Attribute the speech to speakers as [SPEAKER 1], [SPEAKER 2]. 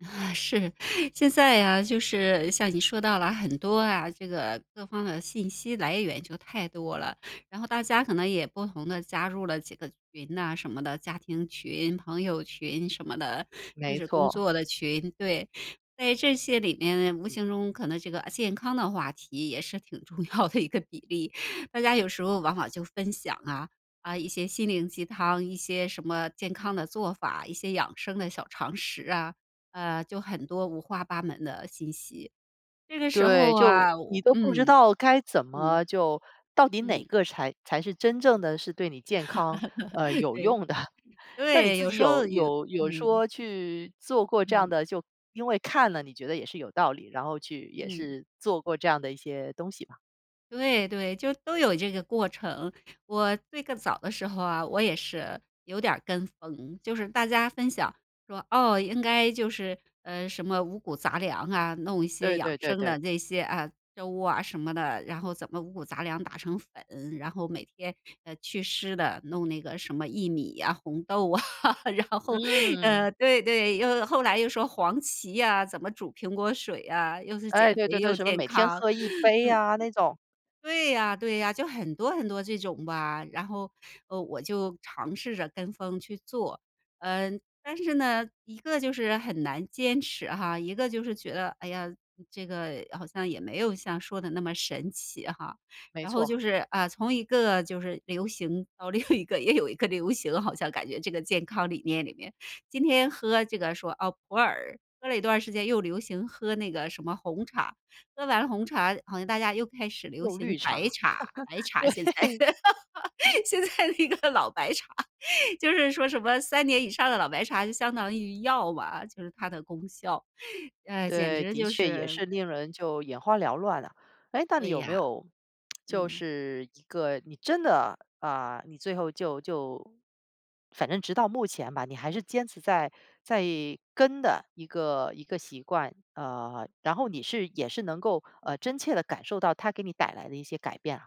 [SPEAKER 1] 是。现在呀，就是像你说到了很多啊这个各方的信息来源就太多了，然后大家可能也不同地加入了几个群啊什么的，家庭群、朋友群什么的，就
[SPEAKER 2] 没
[SPEAKER 1] 是工
[SPEAKER 2] 错。
[SPEAKER 1] 作的群，对。在这些里面无形中可能这个健康的话题也是挺重要的一个比例，大家有时候往往就分享啊，啊，一些心灵鸡汤，一些什么健康的做法，一些养生的小常识啊，呃，就很多五花八门的信息，这个时
[SPEAKER 2] 对，
[SPEAKER 1] 候
[SPEAKER 2] 就
[SPEAKER 1] 啊，
[SPEAKER 2] 你
[SPEAKER 1] 我
[SPEAKER 2] 都不知
[SPEAKER 1] 嗯。
[SPEAKER 2] 道该怎
[SPEAKER 1] 嗯。
[SPEAKER 2] 么就到底哪
[SPEAKER 1] 嗯。
[SPEAKER 2] 个才才是真正的是对你健康，呃，有
[SPEAKER 1] 对。
[SPEAKER 2] 用的。那你
[SPEAKER 1] 对，
[SPEAKER 2] 自
[SPEAKER 1] 有
[SPEAKER 2] 己
[SPEAKER 1] 时
[SPEAKER 2] 有
[SPEAKER 1] 候有
[SPEAKER 2] 有有
[SPEAKER 1] 嗯。
[SPEAKER 2] 说去做过这样
[SPEAKER 1] 嗯。
[SPEAKER 2] 的就因为看了你觉得也是有道理，然后去也
[SPEAKER 1] 嗯。
[SPEAKER 2] 是做过这样的一些东西吧。
[SPEAKER 1] 对对，就都有这个过程。我最更早的时候啊，我也是，有点儿跟风，就是大家分享说：“哦，应该就是呃，什么五谷杂粮啊，弄一些
[SPEAKER 2] 对
[SPEAKER 1] 养
[SPEAKER 2] 对对
[SPEAKER 1] 生
[SPEAKER 2] 对。
[SPEAKER 1] 的这些，啊，粥啊，什么的，然后怎么五谷杂粮打成粉，然后每天，呃，去湿的，弄那个什么薏米呀，红豆啊，然后”
[SPEAKER 2] 嗯。
[SPEAKER 1] 呃，对对，又后来又说：“黄芪呀，怎么煮苹果水呀，又是
[SPEAKER 2] 哎，
[SPEAKER 1] 减
[SPEAKER 2] 对
[SPEAKER 1] 肥，
[SPEAKER 2] 对对，
[SPEAKER 1] 又
[SPEAKER 2] 什么
[SPEAKER 1] 健
[SPEAKER 2] 每天
[SPEAKER 1] 康，
[SPEAKER 2] 喝一杯
[SPEAKER 1] 嗯。”
[SPEAKER 2] 呀那种。
[SPEAKER 1] 对呀对呀，就很多很多这种吧，然后，呃，我就尝试着跟风去做。嗯，但是呢，一个就是很难坚持哈，一个就是觉得，哎呀，这个好像也没有像说的那么神奇哈。
[SPEAKER 2] 没
[SPEAKER 1] 然后
[SPEAKER 2] 错。
[SPEAKER 1] 就是，啊，从一个就是流行到另一个也有一个流行，好像感觉这个健康理念里面，今天喝这个，说：“哦，普洱。”喝了一段儿时间又流行喝那个什么红茶，喝完红茶，然后大家又开始流
[SPEAKER 2] 用绿
[SPEAKER 1] 行白
[SPEAKER 2] 茶。
[SPEAKER 1] 茶，白茶现在
[SPEAKER 2] 对。
[SPEAKER 1] 现在那个老白茶，就是说什么3年以上的老白茶就相当于药吧，就是它的功效，呃，简
[SPEAKER 2] 对，
[SPEAKER 1] 直
[SPEAKER 2] 的
[SPEAKER 1] 就
[SPEAKER 2] 确也
[SPEAKER 1] 是
[SPEAKER 2] 是令人就眼花缭乱了。诶，那你
[SPEAKER 1] 对
[SPEAKER 2] 有没
[SPEAKER 1] 呀。
[SPEAKER 2] 有就
[SPEAKER 1] 嗯。
[SPEAKER 2] 是一个你真的啊，你最后就就反正直到目前吧，你还是坚持在在跟的一个一个习惯？呃，然后你是也是能够，呃，真切地感受到它给你带来的一些改变啊。